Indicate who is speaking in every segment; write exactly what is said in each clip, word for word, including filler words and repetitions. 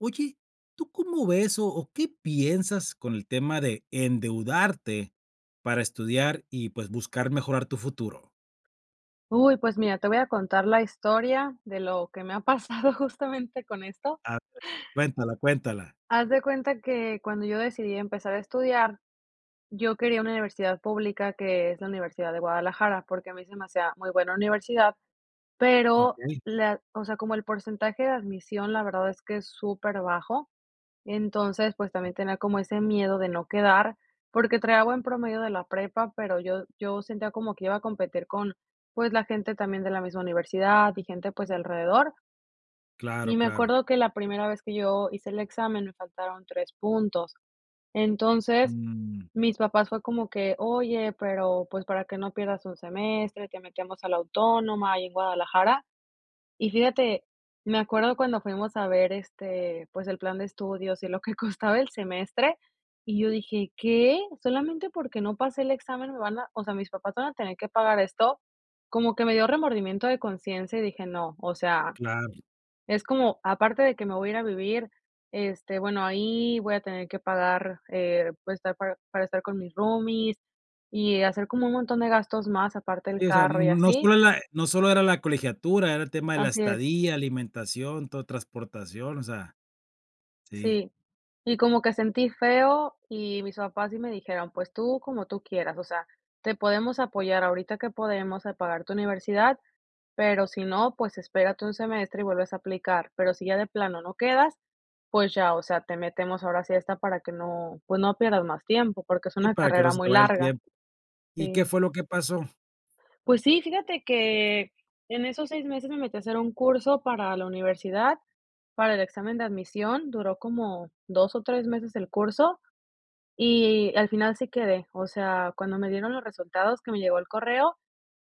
Speaker 1: Oye, ¿tú cómo ves o o qué piensas con el tema de endeudarte para estudiar y, pues, buscar mejorar tu futuro?
Speaker 2: Uy, pues mira, te voy a contar la historia de lo que me ha pasado justamente con esto.
Speaker 1: A ver, cuéntala, cuéntala.
Speaker 2: Haz de cuenta que cuando yo decidí empezar a estudiar, yo quería una universidad pública, que es la Universidad de Guadalajara, porque a mí se me hacía muy buena universidad, pero
Speaker 1: Okey.
Speaker 2: la o sea, como el porcentaje de admisión, la verdad es que es superbajo. Entonces, pues también tenía como ese miedo de no quedar, porque traía buen promedio de la prepa, pero yo yo sentía como que iba a competir con, pues, la gente también de la misma universidad y gente, pues, de alrededor.
Speaker 1: Claro,
Speaker 2: Y me
Speaker 1: claro.
Speaker 2: acuerdo que la primera vez que yo hice el examen me faltaron tres puntos. Entonces,
Speaker 1: Mm.
Speaker 2: mis papás fue como que: "Oye, pero, pues, para que no pierdas un semestre, te metemos a la Autónoma ahí en Guadalajara", y fíjate, me acuerdo cuando fuimos a ver este, pues el plan de estudios y lo que costaba el semestre y yo dije: "¿Qué? ¿Solamente porque no pasé el examen me van a o sea, mis papás van a tener que pagar esto?". Como que me dio remordimiento de conciencia y dije: "No", o sea,
Speaker 1: Claro.
Speaker 2: es como aparte de que me voy a ir a vivir este, bueno, ahí voy a tener que pagar eh, pues estar pa-para estar con mis roomies y hacer como un montón de gastos más aparte del
Speaker 1: Sí, o sea, n
Speaker 2: carro y
Speaker 1: no
Speaker 2: así.
Speaker 1: solo la no sólo era la colegiatura, era el tema de la
Speaker 2: Así es.
Speaker 1: estadía, alimentación, todo transportación, o sea, sí.
Speaker 2: Sí. Y como que sentí feo y mis papás sí me dijeron: "Pues tú como tú quieras, o sea, te podemos apoyar ahorita que podemos a pagar tu universidad, pero si no, pues espérate un semestre y vuelves a aplicar, pero si ya de plano no quedas, pues ya, o sea, te metemos ahora sí a esta para que no pues no pierdas más tiempo, porque es
Speaker 1: Sí,
Speaker 2: una
Speaker 1: para que no
Speaker 2: carrera
Speaker 1: se te
Speaker 2: muy
Speaker 1: vaya el
Speaker 2: larga".
Speaker 1: tiempo. ¿Y qué
Speaker 2: Sí.
Speaker 1: fue lo que pasó?
Speaker 2: Pues sí, fíjate que en esos seis meses me metí a hacer un curso para la universidad, para el examen de admisión, duró como dos o tres meses el curso, y al final sí quedé, o sea, cuando me dieron los resultados, que me llegó el correo,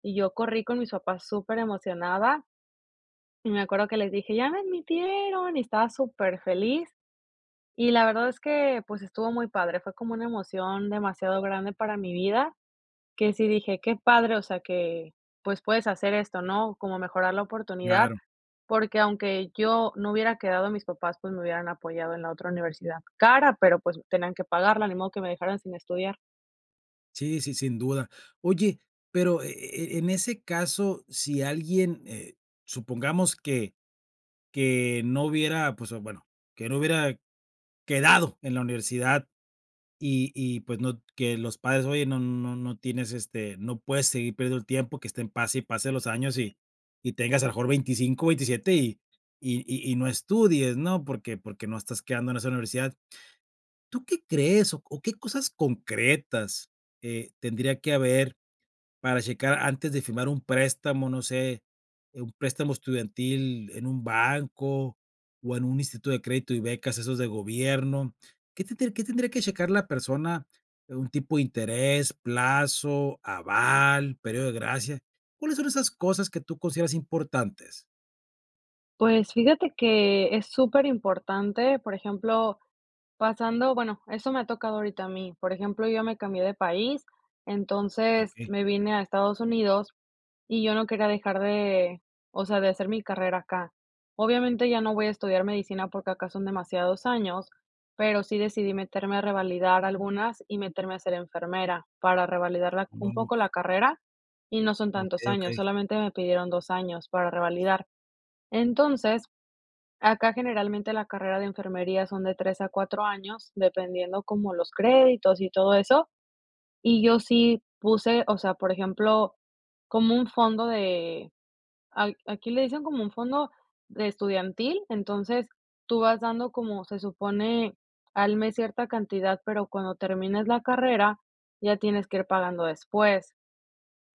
Speaker 2: y yo corrí con mis papás superemocionada y me acuerdo que les dije: "¡Ya me admitieron!" y estaba superfeliz y la verdad es que, pues, estuvo muy padre, fue como una emoción demasiado grande para mi vida que sí dije: "Qué padre", o sea que, pues, puedes hacer esto, ¿no? Como mejorar la oportunidad,
Speaker 1: Claro.
Speaker 2: porque aunque yo no hubiera quedado mis papás, pues me hubieran apoyado en la otra universidad cara, pero, pues tenían que pagarla, ni modo que me dejaran sin estudiar.
Speaker 1: Sí, sí, sin duda. Oye, pero, e e eh, en ese caso, sí alguien, eh, supongamos que que no hubiera, pues, bueno, que no hubiera quedado en la universidad, y y, pues, no que los padres oyen no no no tienes, este, no puedes seguir perdiendo el tiempo, que estén pase y pase los años, y y tengas a lo mejor veinticinco, ventisiete, y y y no estudies, ¿no? Porque porque no estás quedando en esa universidad. ¿Tú qué crees, o qué cosas concretas, eh, tendría que haber para checar antes de firmar un préstamo, no sé, un préstamo estudiantil en un banco, o en un instituto de crédito y becas, esos de gobierno? ¿Qué tendría qué tendría que checar la persona de un tipo de interés, plazo, aval, período de gracia? ¿Cuáles son esas cosas que tú consideras importantes?
Speaker 2: Pues, fíjate que es súper importante, por ejemplo, pasando bueno, eso me ha tocado ahorita a mí. Por ejemplo, yo ya me cambié de país, entonces
Speaker 1: Okey.
Speaker 2: me vine a Estados Unidos, y yo no quería dejar de, o sea, de hacer mi carrera acá. Obviamente ya no voy a estudiar medicina porque acá son demasiados años, pero sí decidí meterme a revalidar algunas, y meterme a ser enfermera para revalidarla
Speaker 1: No
Speaker 2: un
Speaker 1: no
Speaker 2: poco la
Speaker 1: co
Speaker 2: carrera. Y no son tantos
Speaker 1: Okey,
Speaker 2: años,
Speaker 1: okey.
Speaker 2: solamente me pidieron dos años para revalidar. Entonces, acá generalmente la carrera de enfermería son de tres a cuatro años, dependiendo como los créditos y todo eso. Y yo sí puse, o sea, por ejemplo, como un fondo de a aquí le dicen como un fondo de estudiantil. Entonces, tú vas dando, como se supone, al mes cierta cantidad, pero cuando termines la carrera ya tienes que ir pagando después.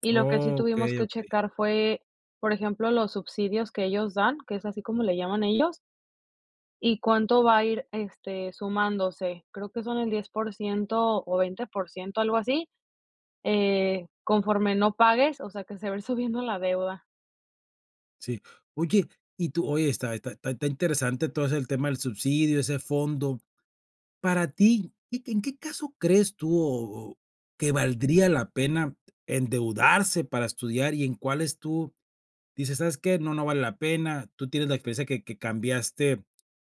Speaker 2: Y lo que sí tuvimos
Speaker 1: Okey,
Speaker 2: que
Speaker 1: okey.
Speaker 2: checar fue, por ejemplo, los subsidios que ellos dan, que es así como le llaman ellos, y cuánto va a ir, este, sumándose. Creo que son el diez por ciento, o veinte por ciento algo así, eh, conforme no pagues. O sea, que se va a ir subiendo la deuda.
Speaker 1: Sí, oye, y tú oye, está está está interesante todo ese el tema del subsidio, ese fondo. Para ti, ¿y que en qué caso crees tú, o o que valdría la pena endeudarse para estudiar y en cuáles, tú dices: "Sabes qué, no, no vale la pena"?, tú tienes la experiencia que que cambiaste,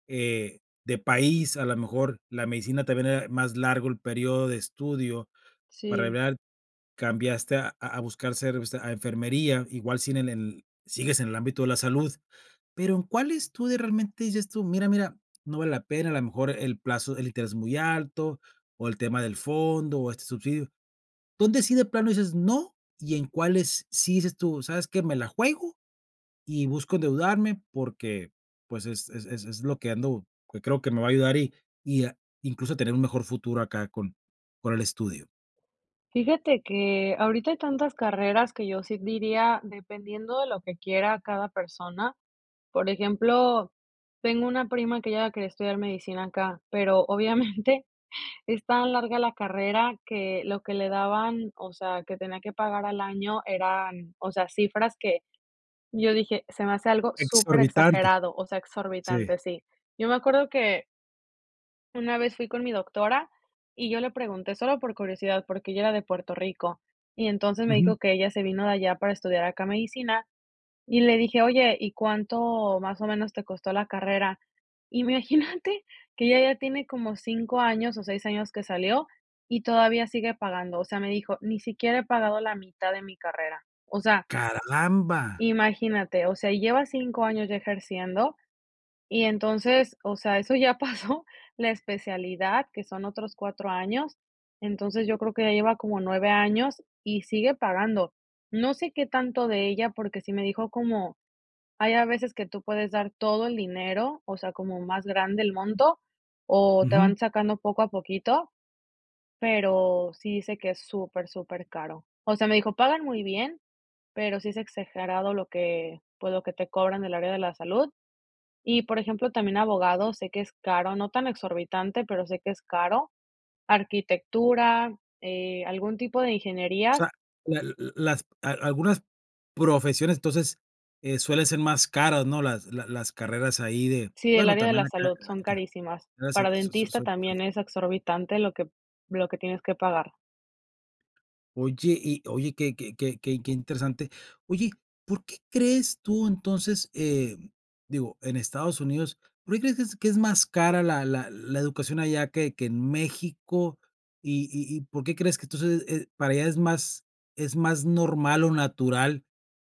Speaker 1: eh, de país, a la mejor, la medicina también era más largo el período de estudio, para,
Speaker 2: Sí.
Speaker 1: [unintelligible] cambiaste a a buscar ser o sea, a enfermería, igual si en en sigues en el ámbito de la salud. Pero, ¿en cuáles tú de realmente dices tú: "Mira, mira, no vale la pena", a la mejor, el plazo, el interés es muy alto, o el tema del fondo, o este subsidio? ¿Dónde sí de plano dices: "No" y en cuáles, sí dices tú: "Sabes qué, me la juego y busco endeudarme"?, porque, pues, es es es es es lo que ando, que creo que me va a ayudar y y a incluso tener un mejor futuro acá con con el estudio.
Speaker 2: Fíjate que ahorita hay tantas carreras que yo sí diría, dependiendo de lo que quiera cada persona. Por ejemplo, tengo una prima que ella quería estudiar medicina acá, pero obviamente, es tan larga la carrera que lo que le daban, o sea, que tenía que pagar al año eran, o sea, cifras que yo dije: "Se me hace algo
Speaker 1: Exorbitante.
Speaker 2: superexagerado", o sea,
Speaker 1: Sí.
Speaker 2: exorbitante, sí. Yo me acuerdo que una vez fui con mi doctora y yo le pregunté solo por curiosidad, porque ella era de Puerto Rico, y entonces, me
Speaker 1: Ujú.
Speaker 2: dijo: "Que ella se vino de allá para estudiar acá medicina", y le dije: "Oye, ¿y cuánto más o menos te costó la carrera?", imagínate que ella ya tiene como cinco años o seis años que salió, y todavía sigue pagando, o sea, me dijo: "Ni siquiera he pagado la mitad de mi carrera". O sea
Speaker 1: ¡Caramba!
Speaker 2: imagínate, o sea, y lleva cinco años ya ejerciendo y entonces, o sea, eso ya pasó la especialidad, que son otros cuatro años. Entonces, yo creo que ya lleva como nueve años y sigue pagando. No sé, qué tanto de ella porque sí me dijo, como: "Hay a veces que tú puedes dar todo el dinero", o sea, como más grande el monto, o te van
Speaker 1: Ujú.
Speaker 2: sacando poco a poquito, pero, sí dice que es súper, supercaro. O sea, me dijo: "Pagan muy bien, pero sí es exagerado lo que, pues, lo que te cobran del área de la salud", y, por ejemplo, también abogados sé que es caro, no tan exorbitante, pero sé que es caro, arquitectura, eh, algún tipo de
Speaker 1: O
Speaker 2: ingenierías.
Speaker 1: sea, la l las a algunas profesiones, entonces, eh, suelen ser más caras, ¿no?, las la las carreras ahí de
Speaker 2: Sí, del
Speaker 1: bueno,
Speaker 2: área de
Speaker 1: también
Speaker 2: la
Speaker 1: acá,
Speaker 2: salud,
Speaker 1: te la
Speaker 2: son
Speaker 1: aniquila.
Speaker 2: carísimas,
Speaker 1: Gracias,
Speaker 2: para
Speaker 1: so so
Speaker 2: dentista,
Speaker 1: son son
Speaker 2: también es exorbitante, lo que lo que tienes que pagar.
Speaker 1: Oye y oye que que que que interesante. Oye, ¿por qué crees tú entonces? Eh digo, en Estados Unidos, ¿por qué crees que es que es más cara la la la educación allá que que en México? Y y y, ¿por qué crees que entonces es para allá es más es más normal o natural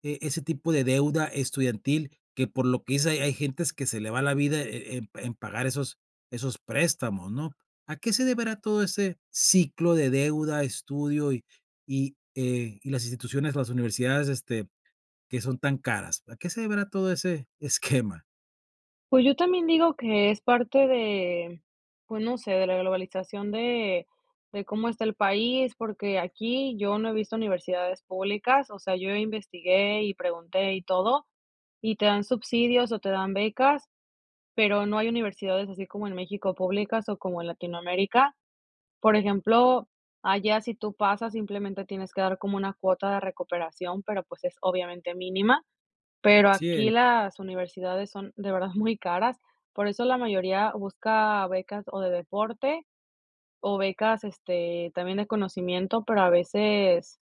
Speaker 1: e ese tipo de deuda estudiantil que por lo que dice hay hay gentes que se le va la vida eh eh en en pagar esos esos préstamos, ¿no? ¿A qué se deberá todo ese ciclo de deuda, estudio y y, eh, y las instituciones, las universidades, este, que son tan caras? ¿A qué se deberá todo ese esquema?
Speaker 2: Pues yo también digo que es parte de pues no sé, de la globalización de de cómo está el país, porque aquí yo no he visto universidades públicas, o sea, yo investigué y pregunté y todo, y te dan subsidios o te dan becas, pero no hay universidades así como en México públicas o como en Latinoamérica. Por ejemplo, allá si tú pasas simplemente tienes que dar como una cuota de recuperación, pero pues es obviamente mínima, pero aquí
Speaker 1: Cien.
Speaker 2: las universidades son de verdad muy caras, por eso la mayoría busca becas o de deporte o becas, este, también en conocimiento, pero a veces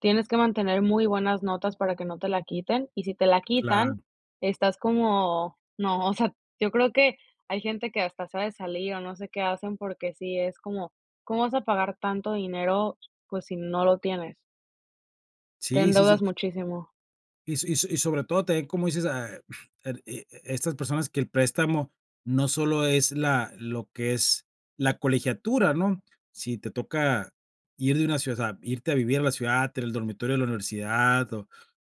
Speaker 2: tienes que mantener muy buenas notas para que no te la quiten, y si te la
Speaker 1: Claro.
Speaker 2: quitan estás como: "¡No!". O sea, yo creo que hay gente que hasta se ha de salir o no sé qué hacen porque sí es como: "¿Cómo vas a pagar tanto dinero?". Pues si no lo tienes. Te
Speaker 1: Sí, sí, sí.
Speaker 2: endeudas muchísimo.
Speaker 1: Y so y so y sobre todo también, como dices, a e e estas personas que el préstamo no solo es la lo que es la colegiatura, ¿no? Si te toca ir de una ciudad osea, irte a vivir a la ciudad, tener el dormitorio de la universidad o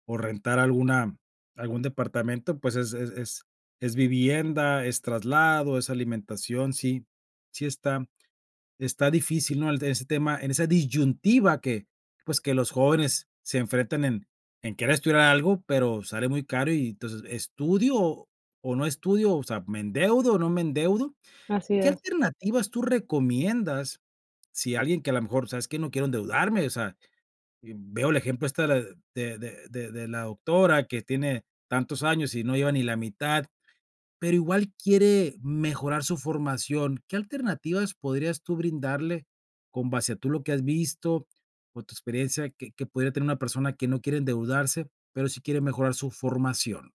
Speaker 1: o rentar alguna algún departamento, pues, es es es es vivienda, es traslado, es alimentación, sí sí está está difícil, ¿no? En ese tema, en esa disyuntiva que, pues, que los jóvenes se enfrenten en en querer estudiar algo, pero sale muy caro y, entonces, ¿estudio o no estudio, o sea, me endeudo o no me endeudo?
Speaker 2: Así
Speaker 1: ¿Qué
Speaker 2: es.
Speaker 1: alternativas tú recomiendas? Si alguien que a lo mejor, ¿sabes qué? No quiero endeudarme, o sea, veo el ejemplo esta de de de de la doctora que tiene tantos años y no lleva ni la mitad, pero igual quiere mejorar su formación. ¿Qué alternativas podrías tú brindarle con base a tú lo que has visto o tu experiencia que que pudiera tener una persona que no quiere endeudarse, pero sí quiere mejorar su formación?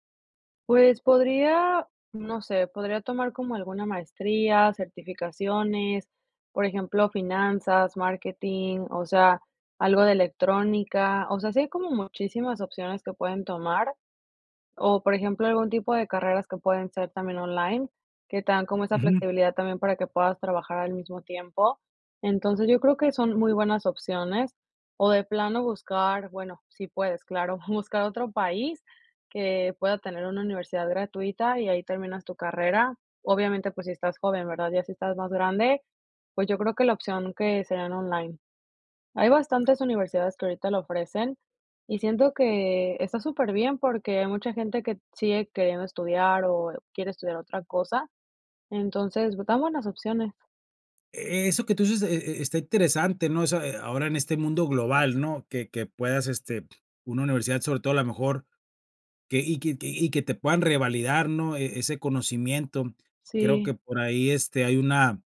Speaker 2: Pues podría, no sé, podría tomar como alguna maestría, certificaciones, por ejemplo, finanzas, marketing, o sea, algo de electrónica, o sea, sí hay como muchísimas opciones que pueden tomar. O, por ejemplo, algún tipo de carreras que pueden ser también online, que te dan como esa
Speaker 1: Ujú.
Speaker 2: flexibilidad también, para que puedas trabajar al mismo tiempo. Entonces, yo creo que son muy buenas opciones, o de plano buscar bueno, sí puedes claro, buscar otro país que pueda tener una universidad gratuita, y ahí terminas tu carrera. Obviamente, pues si estás joven, ¿verdad? Ya si estás más grande, pues yo creo que la opción, que serían online. Hay bastantes universidades, que ahorita lo ofrecen, y siento que está superbién, porque hay mucha gente que sigue queriendo estudiar, o quiere estudiar otra cosa, entonces dan buenas opciones.
Speaker 1: E eso que tú dices, e e está interesante, ¿no? Esa, ahora en este mundo global, ¿no? Que que puedas, este, una universidad, sobre todo a lo mejor, que y que y que te puedan revalidar, ¿no? E ese conocimiento. Creo que
Speaker 2: Sí.
Speaker 1: por ahí, este, hay una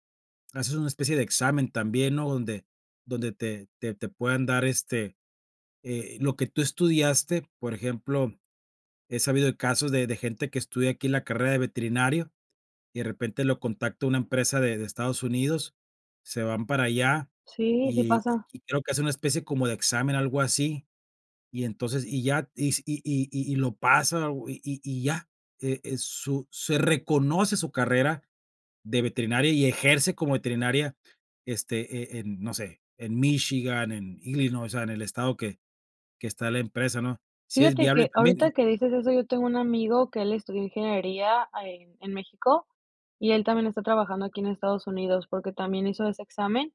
Speaker 1: haces una especie de examen también, ¿no? Donde donde te te te puedan dar, este, eh, lo que tú estudiaste, por ejemplo, he sabido de casos de de gente, que estudia aquí en la carrera de veterinario, y de repente lo contacto una empresa de de Estados Unidos, se van para allá,
Speaker 2: Sí, sí pasa.
Speaker 1: y,-y creo que hacen una especie como de examen, algo así. Y entonces y ya si y y y lo pasa y y ya. Eh, su se reconoce su carrera de veterinaria y ejerce como veterinaria, este, eh eh, no sé, en Michigan, en Illinois, o sea, en el estado que que está la empresa, ¿no? Sí es
Speaker 2: Fíjate
Speaker 1: viable
Speaker 2: que
Speaker 1: también, y
Speaker 2: ahorita que dices eso, yo tengo un amigo que él estudió ingeniería ahí en México, y él también está trabajando aquí en Estados Unidos, porque también hizo ese examen,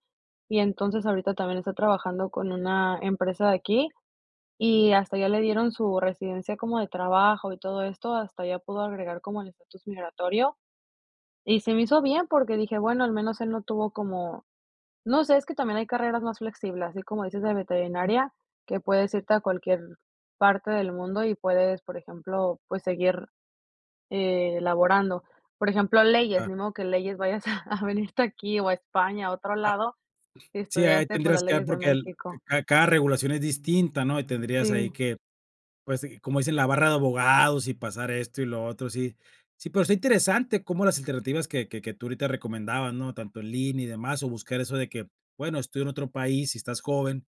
Speaker 2: y entonces ahorita también está trabajando con una empresa de aquí, y hasta ya le dieron su residencia como de trabajo y todo esto, hasta ya pudo agregar como el estatus migratorio. Y se me hizo bien, porque dije: "Bueno, al menos él no tuvo como", no sé, es que también hay carreras más flexibles, así como dices de veterinaria, que puedes irte a cualquier parte del mundo y puedes, por ejemplo, pues seguir, eh, laborando. Por ejemplo, leyes,
Speaker 1: Claro.
Speaker 2: ni modo que leyes vayas a a venirte aquí o a España, a otro
Speaker 1: Ah.
Speaker 2: lado, si
Speaker 1: Sí, ahí ya
Speaker 2: estudiaste, pues
Speaker 1: tendrías
Speaker 2: las
Speaker 1: que dar
Speaker 2: leyes de
Speaker 1: porque el
Speaker 2: México.
Speaker 1: ca cada regulación es distinta, ¿no? Y tendrías ahí
Speaker 2: Sí.
Speaker 1: que, pues, como dicen, la barra de abogados y pasar esto y lo otro, sí. Sí, pero está interesante cómo las alternativas que que que tú ahorita recomendabas, ¿no? Tanto en línea y demás, o buscar eso de que, bueno, estoy en otro país y estás joven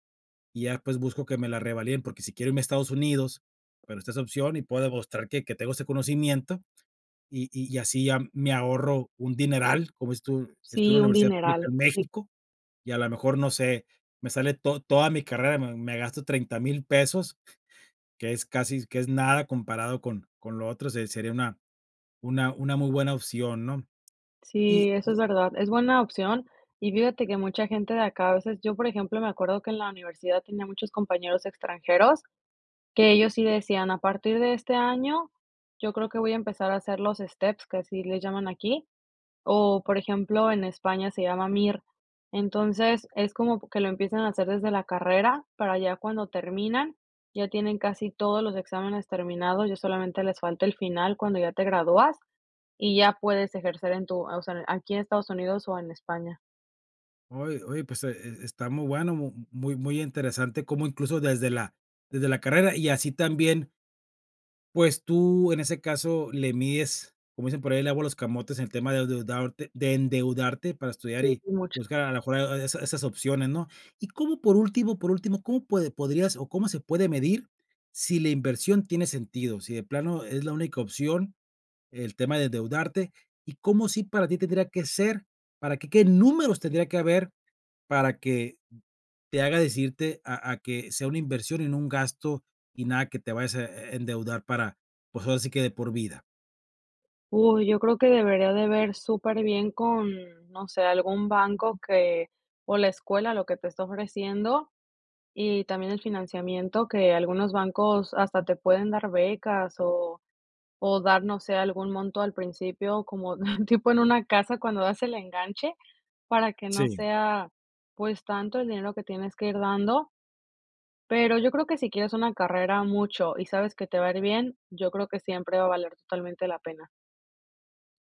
Speaker 1: y ya, pues, busco que me la revaliden, porque sí quiero irme a Estados Unidos, pero está esa opción y puedo demostrar que que tengo ese conocimiento y y así ya me ahorro un dineral. Como dices tu, estudio
Speaker 2: Sí,
Speaker 1: en la
Speaker 2: un
Speaker 1: universidad pública
Speaker 2: dineral.
Speaker 1: en
Speaker 2: Sí.
Speaker 1: México y, a la mejor, no sé, me sale to toda mi carrera, me me gasto treinta mil pesos, que es casi que es nada comparado con con lo otro, se sería una una una muy buena opción, ¿no?
Speaker 2: Sí,
Speaker 1: Y
Speaker 2: eso
Speaker 1: y
Speaker 2: es verdad, es buena opción y fíjate que mucha gente de acá a veces, yo por ejemplo, me acuerdo que en la universidad tenía muchos compañeros extranjeros que ellos sí decían: "A partir de este año yo creo que voy a empezar a hacer los steps," que así le llaman aquí, o por ejemplo, en España se llama MIR. Entonces, es como que lo empiezan a hacer desde la carrera para ya cuando terminan, ya tienen casi todos los exámenes terminados, ya solamente les falta el final cuando ya te gradúas, y ya puedes ejercer en tu o sea, aquí en Estados Unidos o en España.
Speaker 1: Oye oye, pues, e está está muy bueno, muy muy interesante, como incluso desde la desde la carrera, y así también pues, tú, en ese caso, le mides, como dicen por ahí, el agua a los camotes en el tema de deudarte de endeudarte para estudiar
Speaker 2: Sí,
Speaker 1: y
Speaker 2: sí mucho.
Speaker 1: buscar a la mejor esa esas opciones, ¿no? Y cómo por último por último, ¿cómo puede podrías o cómo se puede medir sí la inversión tiene sentido?, sí de plano es la única opción el tema de endeudarte, ¿y cómo sí para ti tendría que ser para qué qué números tendría que haber para que te haga decirte a a que sea una inversión y no un gasto y nada que te vayas a e endeudar para, pues ahora sí que de por vida?
Speaker 2: Uy. Yo creo que debería de ver superbién con, no sé, algún banco que o la escuela, lo que te está ofreciendo. Y también, el financiamiento que algunos bancos hasta te pueden dar, becas o o dar no sé algún monto al principio, como tipo en una casa, cuando das el enganche para que, no
Speaker 1: Sí.
Speaker 2: sea pues, tanto el dinero, que tienes que ir dando. Pero yo creo que si quieres una carrera mucho y sabes que te va a ir bien, yo creo que siempre va a valer totalmente la pena.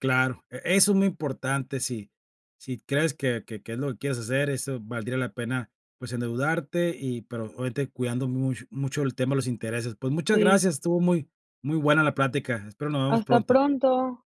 Speaker 1: Claro, e eso es muy importante sí sí crees que que que es lo que quieres hacer, eso valdría la pena, pues endeudarte y, pero, obviamente, cuidando mucho mucho el tema de los intereses. Pues muchas
Speaker 2: Sí.
Speaker 1: gracias, estuvo muy muy buena la plática. Espero nos veamos
Speaker 2: Hasta
Speaker 1: pronto.
Speaker 2: pronto.